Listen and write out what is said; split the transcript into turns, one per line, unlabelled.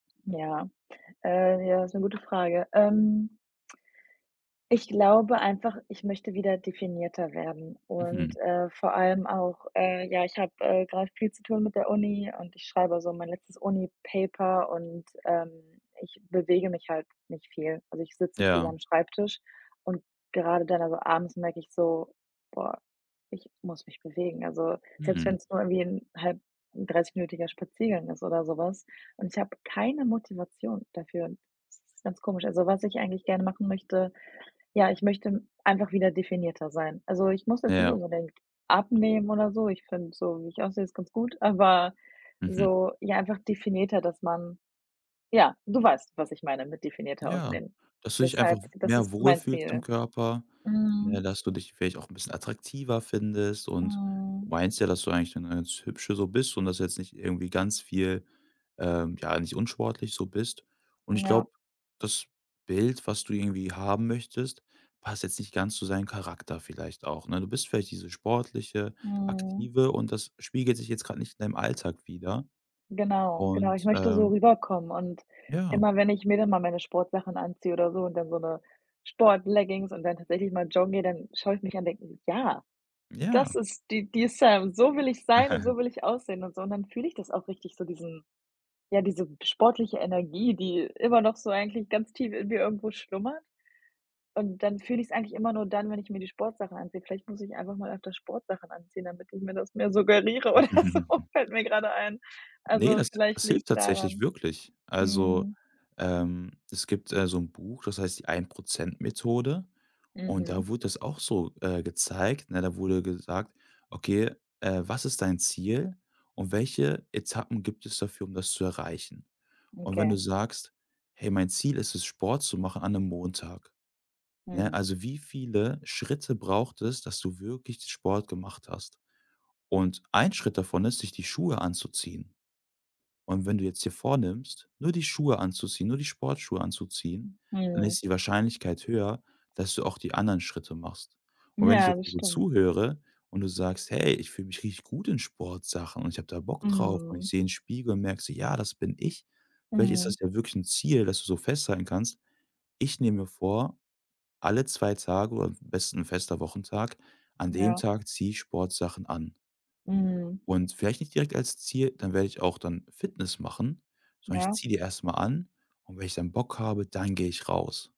Ja, äh, ja, ist 'ne gute Frage. Ähm ich glaube einfach, ich möchte wieder definierter werden und,
Mhm.
äh, vor allem auch, äh ja, ich habe, äh, grad viel zu tun mit der Uni und ich schreibe so mein letztes Uni-Paper und, ähm, ich bewege mich halt nicht viel. Also, ich sitze viel
Ja.
am Schreibtisch und grade dann also, abends merke ich so: „Boah, ich muss mich bewegen.“ Also, selbst
Hm.
wenn's nur irgendwie 'n halt 'n dreißigminütiger Spaziergang ist oder so was und ich habe keine Motivation dafür. Das ist ganz komisch. Also, was ich eigentlich gerne machen möchte: Ja, ich möchte einfach wieder definierter sein. Also, ich muss jetzt nicht
Ja.
unbedingt abnehmen oder so, ich finde so, wie ich aussehe, ist ganz gut, aber,
Mhm.
so, ja, einfach definierter, dass man ja, du weißt, was ich meine mit definierter
Ja
Aussehen.
dass du dich einfach
Deshalb
w
das
mehr
ist
wohl
mein
fühlst im
Ziel.
Körper, ne,
Mhm.
dass du dich vielleicht auch 'n bisschen attraktiver findest und du
Mhm.
meinst ja, dass du eigentlich 'ne ganz Hübsche so bist und dass du jetzt nicht irgendwie ganz viel, ähm ja, nicht unsportlich so bist und ich
Ja.
glaube, das Bild, was du irgendwie haben möchtest, passt jetzt nicht ganz zu deinem Charakter vielleicht auch, ne? Du bist vielleicht diese sportliche,
Mhm.
aktive und das spiegelt sich jetzt grad nicht in deinem Alltag wider
Genau, genau, ich
und,
möchte so
ähm
rüberkommen und
Ja.
immer wenn ich mir dann mal meine Sportsachen anziehe oder so und dann so 'ne Sportleggings und dann tatsächlich mal joggen gehe, dann schaue ich mich an und denke: „Ja, das
Ja.
ist die die Sam, so will ich sein und so will ich aussehen“ und so und dann fühle ich das auch richtig so diesen ja, diese sportliche Energie, die immer noch so eigentlich ganz tief in mir irgendwo schlummert und dann fühle ich's eigentlich immer nur dann, wenn ich mir die Sportsachen anziehe. Vielleicht muss ich einfach mal öfter Sportsachen anziehen, damit ich mir das mehr suggeriere oder so, fällt mir gerade ein.
Ne,
Also,
das
vielleicht
das hilft
liegt's
tatsächlich
daran.
wirklich. Also,
Mhm.
ähm, es gibt, äh, so 'n Buch, das heißt die Ein-Prozent-Methode und da
Mhm.
wurde das auch so, äh, gezeigt, ne? Da wurde gesagt: „Okay, äh, was ist dein Ziel und welche Etappen gibt es dafür, um das zu erreichen.“ Und wenn du
Okay.
sagst: „Hey, mein Ziel ist es, Sport zu machen an 'nem Montag.“ Ne,
Mhm.
also, wie viele Schritte braucht es, dass du wirklich Sport gemacht hast und ein Schritt davon ist, sich die Schuhe anzuziehen und wenn du jetzt dir vornimmst, nur die Schuhe anzuziehen, nur die Sportschuhe anzuziehen, dann
Mhm.
ist die Wahrscheinlichkeit höher, dass du auch die anderen Schritte machst und wenn ich
Ja,
jetzt
das
dir so
stimmt.
zuhöre und du sagst: „Hey, ich fühle mich richtig gut in Sportsachen und ich habe da Bock drauf und ich
Mhm.
sehe in Spiegel und merke so: ‚Ja, das bin ich'“, vielleicht ist
Mhm.
das ja wirklich 'n Ziel, dass du so festhalten kannst: „Ich nehme mir vor, alle 2 Tage oder am besten 'n fester Wochentag an dem
Ja.
Tag ziehe ich Sportsachen an.“
Mhm.
Und vielleicht nicht direkt als Ziel: „Dann werde ich auch dann Fitness machen”, sondern: „Ich
Ja.
ziehe die erst mal an und wenn ich dann Bock habe, dann gehe ich raus.“